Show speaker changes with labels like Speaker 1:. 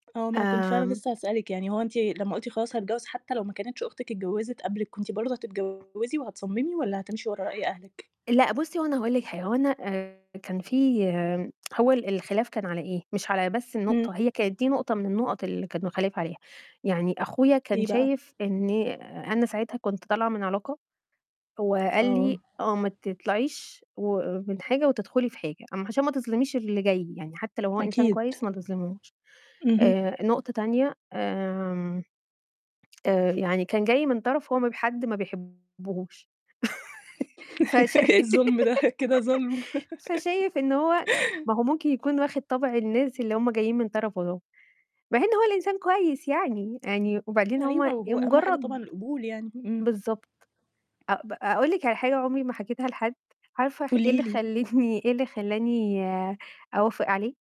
Speaker 1: آه، ما أنا كنت فعلًا
Speaker 2: آمم.
Speaker 1: لسّه هسألِك، يعني هو أنتِ لمّا قُلتِ خلاص هاتجوّز حتى لو ما كانتش أختِك اتجوّزت قبلِك، كنتِ برضه هتتجوّزي وهتصمِّمي والَّا هتمشي ورا رأي أهلِك؟
Speaker 2: لأ بُصّي، هو أنا هاقول لِك حاجة، هو أنا آآ، كان في هو ال الخلاف كان على إيه؟ مش على بس
Speaker 1: إمم.
Speaker 2: النقطة، هي كانت دي نقطة من النُقَط اللي كان الخلاف عليها، يعني أخويا كان
Speaker 1: إيه بقى؟
Speaker 2: شايف إني أنا ساعتها كنت طالعة من علاقة، هو قال لي
Speaker 1: آه.
Speaker 2: آه ما تطلعيش و من حاجة وتدخلي في حاجة، أم عشان ما تظلميش اللي جاي، يعني حتى لو هو إنسان
Speaker 1: أكيد.
Speaker 2: كويس، ما تظلميهوش،
Speaker 1: اهم.
Speaker 2: آآ، نقطة تانية آمم، آآ، يعني كان جاي من طرف هو ما ب حد ما بيحبهوش فشاي
Speaker 1: إيه الظُلم ده؟ كده ظُلم.
Speaker 2: فشايف إن هو ما هو ممكن يكون واخد طَبْع الناس اللي هُم جايين من طرفُه دُول، مع إن هو الإنسان كويس يعني، يعني وبعدين هو
Speaker 1: أيوه،
Speaker 2: ي
Speaker 1: وهو أهم حاجة طبعًا
Speaker 2: مجرّد
Speaker 1: القبول يعني، إمم.
Speaker 2: بالضبط أ ب أقول لِك على حاجة عُمري ما حكيتها لحد، عارفة خ إيه
Speaker 1: قولي
Speaker 2: اللي
Speaker 1: لي.
Speaker 2: خلّتني إيه اللي خلّاني آآ، أوافق عليه؟